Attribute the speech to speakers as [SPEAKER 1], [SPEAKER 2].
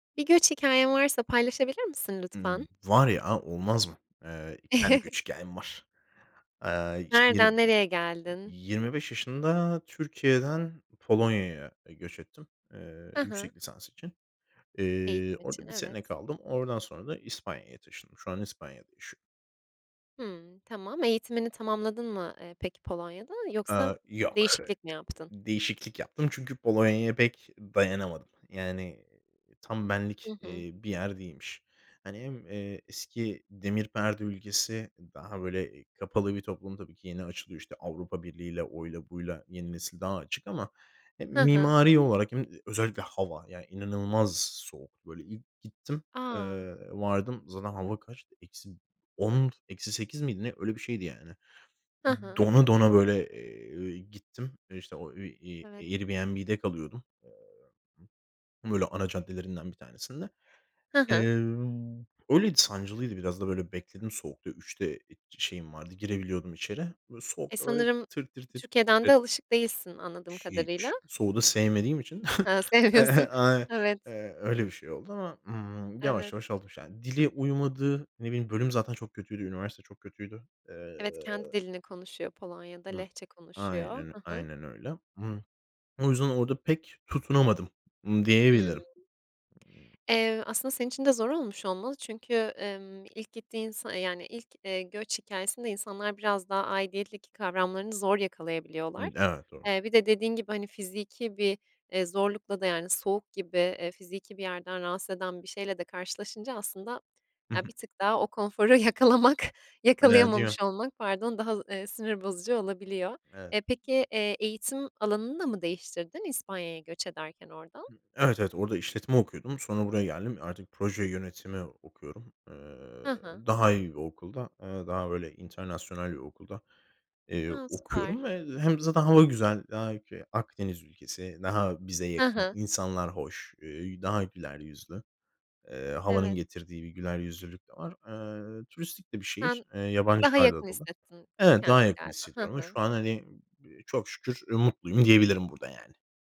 [SPEAKER 1] Bir göç hikâyen varsa paylaşabilir misin lütfen?
[SPEAKER 2] Hımm. Var ya, olmaz mı? Eee, 2 tane göç hikâyem var. Eee, işte yirmi
[SPEAKER 1] Nereden nereye geldin?
[SPEAKER 2] yi yirmi beş yaşında Türkiye'den Polonya'ya göç ettim, eee,
[SPEAKER 1] Hı hı.
[SPEAKER 2] yüksek lisans için. Eee,
[SPEAKER 1] Eğitim için,
[SPEAKER 2] orada bir sene
[SPEAKER 1] evet.
[SPEAKER 2] kaldım. Oradan sonra da İspanya'ya taşındım. Şu anda İspanya'da yaşıyorum.
[SPEAKER 1] Hımm tamam, eğitimini tamamladın mı, eee, peki Polonya'da yoksa
[SPEAKER 2] Aaa, yok. Hı
[SPEAKER 1] değişiklik mi yaptın?
[SPEAKER 2] değişiklik yaptım çünkü Polonya'ya pek dayanamadım. Yani, iii, tam
[SPEAKER 1] Hı
[SPEAKER 2] benlik,
[SPEAKER 1] hı.
[SPEAKER 2] eee, bir yer değilmiş. Hani hem, eee, eski Demir Perde ülkesi daha böyle kapalı bir toplum tabii ki yeni açılıyor işte Avrupa Birliği'yle, oyla, buyla yeni nesil daha açık ama, e,
[SPEAKER 1] Hı hı.
[SPEAKER 2] mimari olarak hem özellikle hava yani inanılmaz soğuk böyle. İlk gittim,
[SPEAKER 1] A!
[SPEAKER 2] eee, vardım zaten hava kaçtı eksi 10 eksi 8 miydi ne öyle bir şeydi yani.
[SPEAKER 1] Hı hı.
[SPEAKER 2] Dona dona böyle, eee, gittim e işte o, ııı, ııı,
[SPEAKER 1] Evet.
[SPEAKER 2] Airbnb'de kalıyordum, eee, b böyle ana caddelerinden bir tanesinde.
[SPEAKER 1] Hı
[SPEAKER 2] Eee,
[SPEAKER 1] hı.
[SPEAKER 2] öyleydi sancılıydı biraz da böyle bekledim soğukta. 3'de şeyim vardı. Girebiliyordum içeri. Böyle
[SPEAKER 1] E,
[SPEAKER 2] soğukta böyle
[SPEAKER 1] sanırım
[SPEAKER 2] tir tir tir
[SPEAKER 1] Türkiye'den
[SPEAKER 2] titredim.
[SPEAKER 1] de alışık değilsin anladığım
[SPEAKER 2] Hiç.
[SPEAKER 1] kadarıyla.
[SPEAKER 2] Soğuğu da sevmediğim için
[SPEAKER 1] Ha, sevmiyorsun.
[SPEAKER 2] [unintelligible]
[SPEAKER 1] Evet.
[SPEAKER 2] eee, öyle bir şey oldu ama, ımm, yavaş
[SPEAKER 1] Evet.
[SPEAKER 2] yavaş alış yani dili uymadı, ne bileyim bölüm zaten çok kötüydü, üniversite çok kötüydü. Eee
[SPEAKER 1] Evet, kendi dilini konuşuyor Polonya da
[SPEAKER 2] Hı.
[SPEAKER 1] Lehçe konuşuyor.
[SPEAKER 2] Aynen öyl
[SPEAKER 1] Hı hı.
[SPEAKER 2] aynen öyle. Imm, o yüzden orada pek tutunamadım, ımm,
[SPEAKER 1] Hımm.
[SPEAKER 2] diyebilirim, ımm
[SPEAKER 1] Eee, aslında senin için de zor olmuş olmalı çünkü, emm, ilk gittiğin sa yani ilk, eee, göç hikâyesinde insanlar biraz daha aidiyetteki kavramlarını zor yakalayabiliyorlar.
[SPEAKER 2] [unintelligible]
[SPEAKER 1] Eee, bir de dediğin gibi hani fiziki bir, eee, zorlukla da yani soğuk gibi, eee, fiziki bir yerden rahatsız eden bir şeyle de karşılaşınca aslında
[SPEAKER 2] Hı
[SPEAKER 1] ya
[SPEAKER 2] hı.
[SPEAKER 1] bir tık daha o konforu yakalamak yakalayamamış
[SPEAKER 2] [unintelligible]
[SPEAKER 1] olmak, pardon, daha, ııı, sinir bozucu olabiliyor.
[SPEAKER 2] Evet.
[SPEAKER 1] E, peki, eee, eğitim alanını da mı değiştirdin İspanya'ya göç ederken oradan?
[SPEAKER 2] Evet, evet. Orada işletme okuyordum. Sonra buraya geldim. Artık proje yönetimi okuyorum. Eee,
[SPEAKER 1] Hı hı.
[SPEAKER 2] daha iyi bir okulda, ııı, daha böyle internasyonal bir okulda, eee,
[SPEAKER 1] A,
[SPEAKER 2] okuyorum
[SPEAKER 1] süper.
[SPEAKER 2] ve hem zaten hava güzel, daha ülke Akdeniz ülkesi, daha bize
[SPEAKER 1] Hı
[SPEAKER 2] yakın
[SPEAKER 1] hı.
[SPEAKER 2] insanlar hoş, eee, daha güler yüzlü, eee, havanın
[SPEAKER 1] Evet.
[SPEAKER 2] getirdiği bir güler yüzlülük de var. Eee, turistik de bir şehir,
[SPEAKER 1] Sen
[SPEAKER 2] eee,
[SPEAKER 1] daha
[SPEAKER 2] yabancılarla
[SPEAKER 1] yakın
[SPEAKER 2] dolu.
[SPEAKER 1] hissettin
[SPEAKER 2] Evet, daha
[SPEAKER 1] kendini
[SPEAKER 2] yakın
[SPEAKER 1] galiba. Hı
[SPEAKER 2] hissediyorum ama
[SPEAKER 1] hı.
[SPEAKER 2] şu an, hani, ımm, b çok şükür mutluyum diyebilirim burada, yani.